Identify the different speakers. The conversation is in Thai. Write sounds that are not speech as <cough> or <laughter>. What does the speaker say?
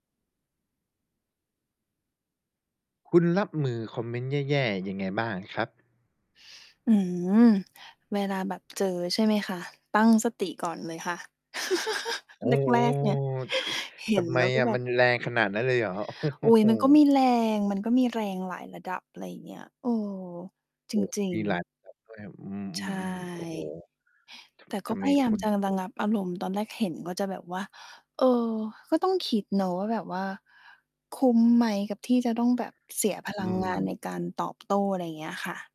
Speaker 1: คุณรับมือคอมเมนต์แย่ ๆ ยังไงบ้างครับ?
Speaker 2: อื้อฮือ เวลาแบบเจอใช่ไหมคะ? ตั้ง สติก่อนเลยค่ะ <chuckles>
Speaker 1: โอ้โ
Speaker 2: แ
Speaker 1: ฮ
Speaker 2: รก ๆ เนี่ย
Speaker 1: ท
Speaker 2: เห
Speaker 1: ท
Speaker 2: ็น
Speaker 1: ำไ
Speaker 2: แ
Speaker 1: ม
Speaker 2: ล้วก็
Speaker 1: อะ
Speaker 2: แบ
Speaker 1: ม
Speaker 2: บ
Speaker 1: ันแรงขนาดนั้นเลยเหรอ?
Speaker 2: อุ๊ย
Speaker 1: โอ้
Speaker 2: มันก
Speaker 1: โ
Speaker 2: ็
Speaker 1: ฮ
Speaker 2: มีแรง มันก็มีแรงหลายระดับ อะไรอย่างเงี้ย เออ จ
Speaker 1: โอ้
Speaker 2: ริ
Speaker 1: ม
Speaker 2: ง
Speaker 1: ีหลา
Speaker 2: ๆ
Speaker 1: ย แบบ ด้วย อื
Speaker 2: ใช
Speaker 1: ม ๆ ๆ โอ้โฮ
Speaker 2: ่
Speaker 1: ท
Speaker 2: แต่ก
Speaker 1: ท
Speaker 2: ็
Speaker 1: ำไ
Speaker 2: พ
Speaker 1: ม
Speaker 2: ยายา
Speaker 1: ค
Speaker 2: ม
Speaker 1: ุณ
Speaker 2: จะระงับอารมณ์ ตอนแรกเห็นก็จะแบบว่า เออ ก็ต้องคิดเนาะว่า แบบว่าคุ้มไหมกับที่จะต้องแบบเสียพ
Speaker 1: อ
Speaker 2: ล
Speaker 1: ื
Speaker 2: ังงานใน
Speaker 1: ม
Speaker 2: การตอบโต้ อะไรอย่างเงี้ยค่ะ